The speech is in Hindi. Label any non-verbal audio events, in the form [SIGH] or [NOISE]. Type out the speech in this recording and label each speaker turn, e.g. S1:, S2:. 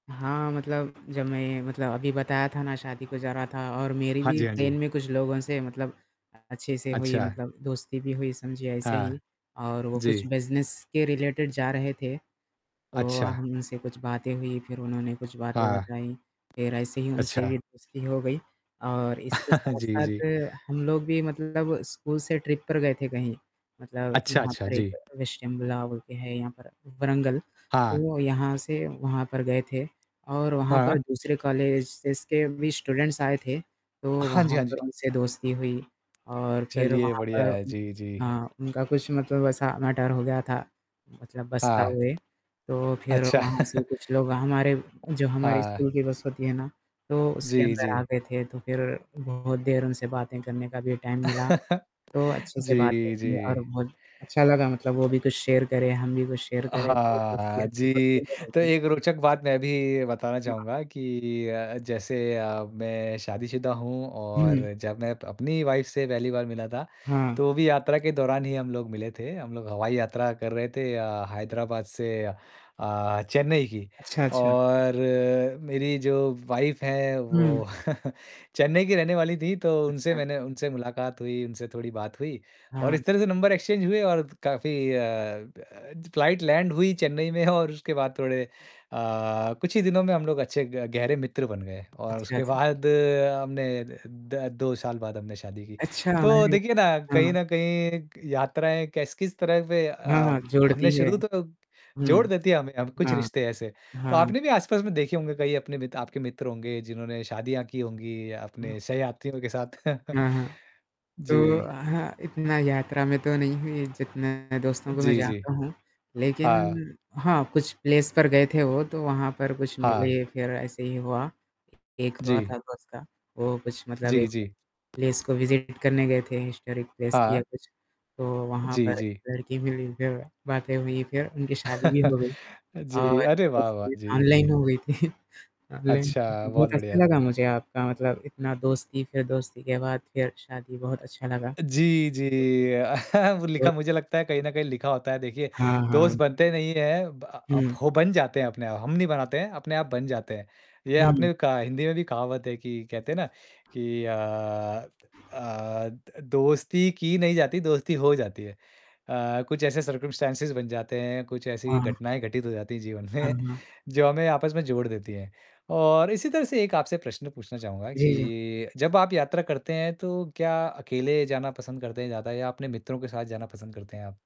S1: हाँ, मतलब जब मैं मतलब अभी बताया था ना शादी को जा रहा था और मेरी
S2: हाँ
S1: भी
S2: जी, हाँ जी।
S1: ट्रेन में कुछ लोगों से मतलब अ, अच्छे से हुई
S2: अच्छा।
S1: मतलब दोस्ती भी हुई समझिए ऐसे ही
S2: हाँ,
S1: और वो कुछ
S2: जी।
S1: बिज़नेस के रिलेटेड जा रहे थे, तो अ,
S2: अच्छा।
S1: हमसे कुछ बातें हुई फिर उन्होंने कुछ बातें
S2: हाँ।
S1: बताई फ़िर एसे ही उनसे
S2: अच्छा।
S1: दोस्ती हो गई, और इसके
S2: [LAUGHS] जी, जी।
S1: साथ-साथ हम लोग भी मतलब स्कूल से ट्रिप पर गए थे कहीं। मतलब
S2: अच्छा,
S1: यहाँ
S2: अच्छा।
S1: पर एक
S2: जी।
S1: विशटिमला बोलके है यहाँ पर व्रंगल।
S2: हाँ।
S1: तो यहाँ से वहाँ पर गए थे और वहाँ पर
S2: हाँ।
S1: दूसरे कॉलेजेज़ के भी स्टूडेंट्स आए थे, तो
S2: हाँ जी,
S1: वहाँ
S2: हाँ जी।
S1: पर उनसे दोस्ती हुई और फिर
S2: चलिए
S1: वहाँ
S2: बढ़िया
S1: पर
S2: है।
S1: उ
S2: जी, जी।
S1: हाँ, उनका कुछ मतलब ऐसा मैटर हो गया था मतलब बस का
S2: हाँ।
S1: हुए। तो फ़िर
S2: अच्छा।
S1: वहाँ से
S2: [LAUGHS]
S1: कुछ लोग हमारे जो हमारी
S2: हाँ।
S1: स्कूल की बस होती है ना तो उसके
S2: जी,
S1: अंदर आ
S2: जी।
S1: गए थे तो फिर बहुत देर उनसे बातें करने का भी टाइम मिला
S2: [LAUGHS]
S1: तो अच्छे से
S2: जी,
S1: बात
S2: जी।
S1: करी और बहुत अच्छा लगा मतलब वो भी कुछ शेयर करे, हम भी कुछ शेयर
S2: अ,
S1: करे तो दोस्ती
S2: हाँ।
S1: अच्छी
S2: जी,
S1: पक्के मे
S2: तो
S1: होगी।
S2: एक रोचक बात मैं भी बताना
S1: जी हाँ।
S2: चाहूँगा कि अ, जैसे अ, मैं शादीशुदा हूँ
S1: हुँ।
S2: और जब मैं अप अपनी ही वाइफ़ से पहली वाल मिला था,
S1: हाँ।
S2: तो भी यात्रा के दौरान ही हम लोग मिले थे। हम लोग हवाई यात्रा कर रहे थे अ, हैदराबाद से अ अ, चेन्नई की
S1: अच्छा, अच्छा।
S2: और मेरी जो वाइफ़ हैं
S1: हुँ।
S2: वो [CHUCKLES] चेन्नई की रहने वाली थी तो उनसे
S1: अच्छा।
S2: मैंने उनसे मुलाकात हुई, उनसे थोड़ी बात हुई और
S1: हाँ।
S2: इस तरह से नंबर एक्सचेंज हुए और त काफ़ी अ अ, ज फ़्लाइट लैंड हुई चेन्नई में [CHUCKLES] और उसके बाद थोड़े अ, कुछ ही दिनों में हम लोग अच्छे ग गहरे मित्र बन गए और
S1: अच्छा
S2: उसके
S1: जी।
S2: बाद हमने द द 2 साल बाद हमने शादी की।
S1: अच्छा,
S2: तो
S1: हमारे लिए
S2: देखिए ना कहीं
S1: हाँ।
S2: न कहीं यात्राएँ कैस किस तरह पे
S1: हाँ, हाँ,
S2: अ,
S1: जोड़ती
S2: हमने
S1: है।
S2: शुरू तो
S1: हुँ।
S2: जोड़ देती है हमें हम कुछ
S1: हाँ,
S2: रिश्ते ऐसे। तो
S1: हाँ।
S2: आपने भी आस-पास में देखे होंगे कई अपने मित आपके मित्र होंगे जिन्होंने शादियाँ की होंगी
S1: हुँ।
S2: अपने सहयात्रियों के साथ। [CHUCKLES]
S1: हाँ, हाँ। तो
S2: जी।
S1: हाँ, इतना यात्रा में तो नहीं है जितने दोस्तों को मैं
S2: जी, जी।
S1: जानता हूँ लेकिन
S2: हाँ।
S1: हाँ, कुछ प्लेस पर गए थे वो, तो वहाँ पर कुछ
S2: हाँ।
S1: मिले फिर ऐसे ही हुआ। एक हुआ
S2: जी।
S1: था दोस्त का, वो कुछ मतलब
S2: जी,
S1: एक
S2: जी।
S1: प्लेस को विजिट करने गए थे हिस्टोरिक प्लेस थी या
S2: हाँ।
S1: कुछ तो वहाँ
S2: जी,
S1: पर
S2: जी।
S1: लड़की मिली जो बातें हुई फिर उनकी शादी भी
S2: [LAUGHS]
S1: हो गई
S2: जी,
S1: और
S2: अरे वाह, वाह!
S1: दोस्ती
S2: जी,
S1: ऑनलाइन
S2: जी।
S1: हुई थी। ऑनलाइन
S2: अच्छा, बहुत
S1: बहुत
S2: बढ़िया।
S1: अच्छा लगा मुझे आपका मतलब इतना दोस्ती फ़िर दोस्ती के बाद फिर शादी बहुत अच्छा लगा।
S2: जी,
S1: बिल्कुल,
S2: जी, अ, [CHUCKLES] वो लिखा
S1: और
S2: मुझे लगता है कहीं न कहीं लिखा होता है देखिए,
S1: हाँ,
S2: दोस्त
S1: हाँ।
S2: बनते नहीं हैं ब अ, अब
S1: हुँ।
S2: हो बन जाते हैं अपने आप, हम नहीं बनाते हैं, अपने आप बन जाते हैं। ये
S1: हुँ।
S2: आपने कहा हिंदी में भी कहावत है कि कहते हैं ना कि अ अ, द दोस्ती की नहीं जाती, दोस्ती हो जाती है। अ, कुछ ऐसे सर्कम्स्टैंसेज़ बन जाते हैं, कुछ ऐसी
S1: हाँ।
S2: घटनाएँ घटित हो जाती हैं जीवन
S1: हाँ,
S2: में,
S1: हाँ।
S2: जो हमें आपस में जोड़ देती हैं और इसी तरह से एक आपसे प्रश्न पूछना चाहूँगा
S1: जी, जी।
S2: कि जब आप यात्रा करते हैं तो क्या अकेले जाना पसंद करते हैं ज़्यादा या अपने मित्रों के साथ जाना पसंद करते हैं आप?